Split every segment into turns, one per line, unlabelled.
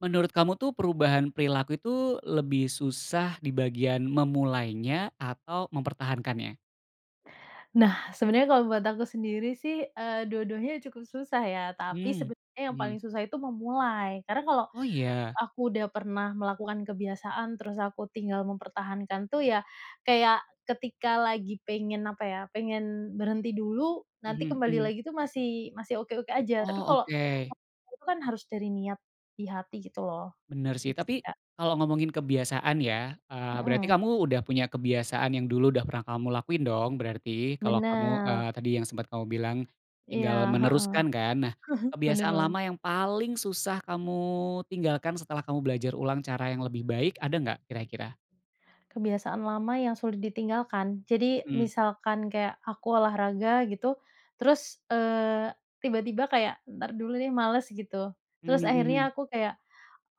Menurut kamu tuh perubahan perilaku itu lebih susah di bagian memulainya atau mempertahankannya?
Nah, sebenarnya kalau buat aku sendiri sih, eee, dua-duanya cukup susah ya. Tapi
Mmm,
sebenarnya yang
mmm.
paling susah itu memulai. Karena kalau
Oh iya?
aku udah pernah melakukan kebiasaan terus aku tinggal mempertahankan tuh ya, kayak ketika lagi pengen apa ya, pengen berhenti dulu nanti
Mhm,
kembali
mmm.
lagi tuh masih masih oke-oke aja, tapi
Oh
kalau
oke.
[unintelligible] kan harus dari niat di hati gitu loh.
Bener sih,
Gitu sih
tapi
Kak.
kalo ngomongin kebiasaan ya, eee, berarti
Mhm.
kamu udah punya kebiasaan yang dulu udah pernah kamu lakuin dong, berarti kalo kamu,
Bener.
eee, tadi yang sempet kamu bilang
Iya,
tinggal
heeh.
meneruskan kan, nah
Bener
kebiasaan
banget.
lama yang paling susah kamu tinggalkan setelah kamu belajar ulang cara yang lebih baik ada nggak kira-kira?
Kebiasaan lama yang sulit ditinggalkan. Jadi
Mmm.
misalkan kayak aku olahraga gitu, terus, eee, tiba-tiba kayak, "Entar dulu deh males." gitu. Terus
Mmm, mhm.
akhirnya aku kayak,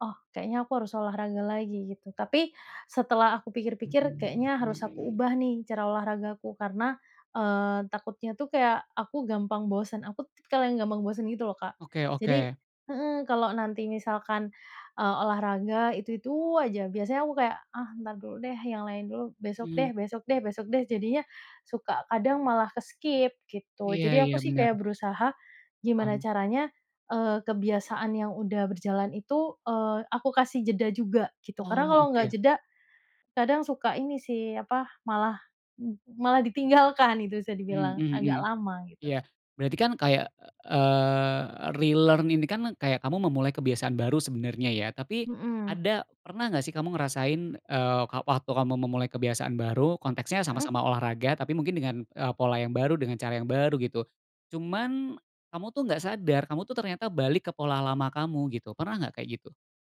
"Oh kayaknya aku harus olahraga lagi." gitu, tapi setelah aku pikir-pikir kayaknya harus aku ubah nih cara olahraga aku karena, eee, takutnya tuh kayak aku gampang bosen, aku tipikal yang gampang bosen gitu loh Kak.
Oke
Jadi
oke.
heeh, kalau nanti misalkan, eee, olahraga itu-itu aja biasanya aku kayak, "Ah ntar dulu deh yang lain dulu, besok deh,
Mmm.
besok deh, besok deh." jadinya suka kadang malah ke-skip gitu.
Iya
Jadi
iya,
aku sih
bener.
kayak berusaha gimana
Paham.
caranya, eee, kebiasaan yang udah berjalan itu, eee, aku kasih jeda juga gitu karena
Oh
kalau nggak
oke.
jeda kadang suka ini sih apa, malah m malah ditinggalkan itu bisa
Mhm
dibilang,
mhm
agak
mhm.
lama gitu.
Iya. Berarti kan kayak, eee, relearn ini kan kayak kamu memulai kebiasaan baru sebenernya ya, tapi
Mhm.
ada pernah gak sih kamu ngerasain, eee, ka waktu kamu memulai kebiasaan baru konteksnya
Mhm.
sama-sama olahraga tapi mungkin dengan, eee, pola yang baru, dengan cara yang baru gitu. Cuman kamu tuh gak sadar, kamu tuh ternyata balik ke pola lama kamu gitu, pernah gak kayak gitu?